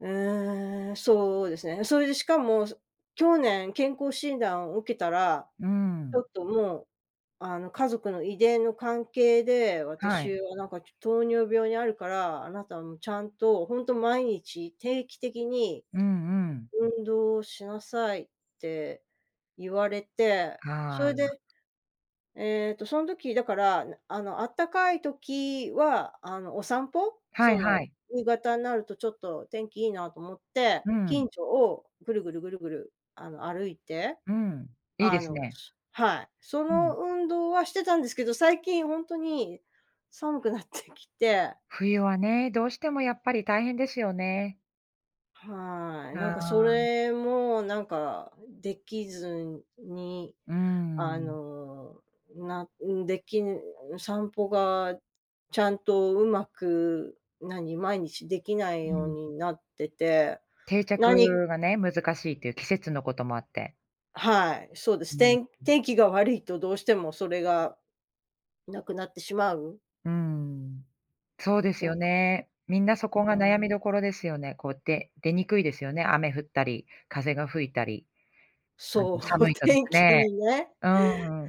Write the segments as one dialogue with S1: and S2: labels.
S1: ええ、そうですね。それで、しかもそ去年健康診断を受けたら、
S2: う
S1: ちょ
S2: ん。
S1: っと、もう、あの、家族の遺伝の関係で
S2: はい。
S1: 私は、なんか、ちょ糖尿病にあるから「あなた、もう、ちゃんと本当毎日定期的に
S2: うんうん。
S1: 運動しなさい」って言われてそ
S2: は
S1: れ
S2: あ。
S1: で、えっと、そん時だから、あの、あったかい時は、あの、お散歩？
S2: は
S1: そ
S2: いは
S1: の、
S2: い。
S1: 夕方になると、ちょっと、天気いいなと思って
S2: うん。
S1: 近所をぐるぐるぐるぐる、あの、歩いて
S2: うん、いい
S1: あ
S2: です
S1: の
S2: ね。
S1: はい、そ
S2: う
S1: の、
S2: ん。
S1: 運動はしてたんですけど最近本当に寒くなってきて
S2: 冬はね、どうしてもやっぱり大変ですよね。
S1: はい、なんか、そ
S2: ああ。
S1: れも、なんか、できずに、
S2: うー
S1: あ
S2: ん。
S1: の、な、ん、できん、散歩がちゃんとうまく、なに、毎日できない
S2: う
S1: よう
S2: ん。
S1: になってて、
S2: 定
S1: 何
S2: 着がね、難しいという季節のこともあって。
S1: はい、そうです。
S2: うん。
S1: 天天気が悪いとどうしてもそれがなくなってしまう。
S2: うーん。そうです
S1: だ。
S2: よね。みんなそ
S1: う
S2: こが
S1: ー
S2: 悩み
S1: ん
S2: どころですよね。こうって、出にくいですよね雨降ったり風が吹いたり。あの、
S1: そう、
S2: 寒いとです
S1: 天気
S2: ね、
S1: にね
S2: うー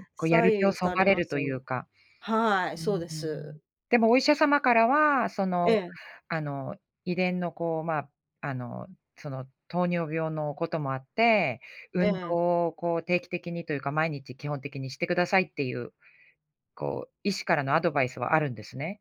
S2: ん、こう、やる気
S1: 左
S2: を
S1: 右
S2: そ
S1: さ
S2: が
S1: れ
S2: れ
S1: ま
S2: る
S1: す
S2: と
S1: よ
S2: い
S1: ね。
S2: うか。
S1: はい、
S2: うー
S1: そうで
S2: ん、
S1: す。
S2: でもお医者様からは、そ
S1: え
S2: の、
S1: え。
S2: あの、遺伝の、こう、まあ、あの、その、糖尿病のこともあって
S1: え
S2: 「運
S1: え。
S2: 動を、こう、定期的にというか毎日基本的にしてください」っていう、こう、医師からのアドバイスはあるんですね？